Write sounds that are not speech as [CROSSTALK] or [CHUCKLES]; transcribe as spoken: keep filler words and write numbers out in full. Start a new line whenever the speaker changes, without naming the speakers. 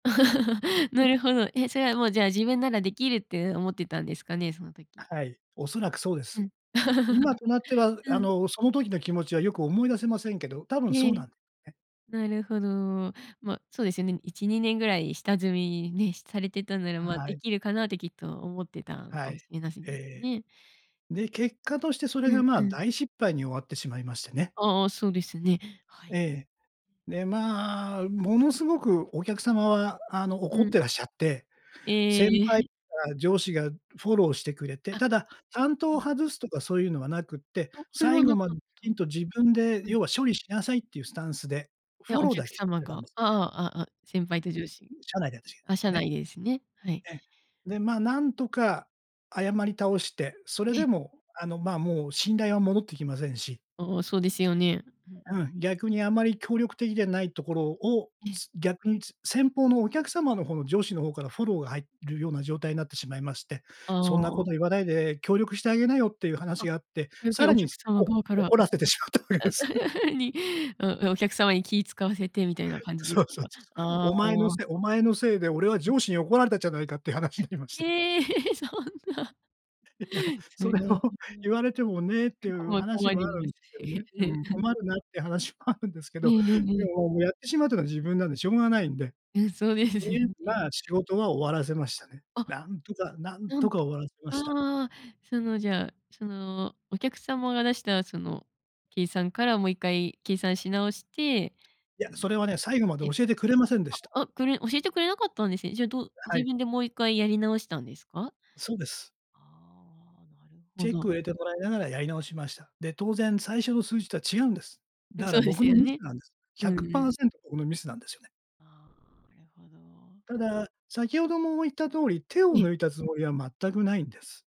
[CHUCKLES]
う
な
ん。
るほど。え、それはもうじゃあ自分ならできるってうん思ってたんですかね、その時。
はい、おそらくそうで
う
す。
ん、
今
[CHUCKLES]
となっては
う
あ
ん。
のその時の気持ちはよく思い出せませんけど、多分
え
そうな
え。
んですね。
なるほど。まあそうですよね。いちにねんぐらい下積みね、されてたんならまあ
は
で
い。
きるかなってきっと思ってたの
は
かも
い。
しれません
え
です
え。
ね。
で、結果
[UNINTELLIGIBLE]
としてそれ
う
が
ん
ま
う
あ
ん。
大失敗に終わってしまいましてね。
ああ、そうですね。はい。
ええ。で、まあものすごくお客様はあの
う
怒っ
ん。
てらっしゃって、
えええ
先
ええ
輩
え。
とか上司がフォローしてくれて、
あ、
ただ担当
え
を
え。
外すとかそういうのはなくって、
あ、それ
最
は
後
なか
ま
っ
でき
た。
ちんと自分で
うん。
要は処理しなさいっていうスタンスで
い
フ
や、
ォ
お
ロー
客
だけしてく
様
れた
が、
ん
あ
ですよ
あ、
ね。
ああああ、先輩と上司、
社内で私
あ、社
がね。
内でですね、はい。
え、で、まあなんとか謝り倒して、それ
え
で
え。
もあのまあもう信頼は戻ってきませんし
ああ、そうですよね。うんう
う
ん。
ん、逆にあんまり協力的でないところを、
ええ。
す逆に先方のお客様の方の上司の方からフォローが入るような状態になってしまいまして、
あ
そんなこ
あ。
と言わないで協力してあげなよっていう
あ、
話があって、
逆
さ
に
ら
お
に
客様
おお
側から
怒
[UNINTELLIGIBLE]
らせてしまったわけです。
[CHUCKLES] にお客様に気を使わせてみたいな感じで
そ
す
うそう
か？
そう。
あ
お前の
あ。
せいお前のせいで俺は
うん。
上司に怒られたんじゃないかっていう話になりまして。
ええ、そんな。
いや
そ
そ
れ
れ
は。
を言
[UNINTELLIGIBLE]
われてもねっ
う
てい
ん、こ
う
ま
話
困
もあ
り
る
ま
んで
す
すけど
し
ね。うん、
ね。
困るなっていう話もあるんですけ
ええ
ど、
えええ
で
え。
ももうやってしまうというのは自分なんでしょうがないんで。
うん、そうです
と
よ
りあえず
ね。
まあ仕事は終わらせましたね。
あ、
なんとか、なん
な
と
ん
か
と、
終わらせました。
ああ、そのじゃそのお客様が出したその計算からもういっかい計算し直して、
いや、
あ
そ
の
れはね、最後まで
ええ、
教えてくれませんでした。
ああ、これ教えてくれなかったんですね。じゃあどう
は
自
い。
分でもう一回やり直したんですか？
そうです。
ああ、なるほ
チェックを
ど。
入れてもらいながらやり直しました。で、当然最初の数字とは違うんです。
うん、
だか
そ
ら
うで
僕
す
の
よ
ミス
ね。
なんです。
う
ひゃ
ん
く
う
パ
ん。
ーセント僕のミスなんですよね。
ああ、なるほど。
ただ、先ほども言った通り、手を
ええ。
抜いたつもりは全くないんです。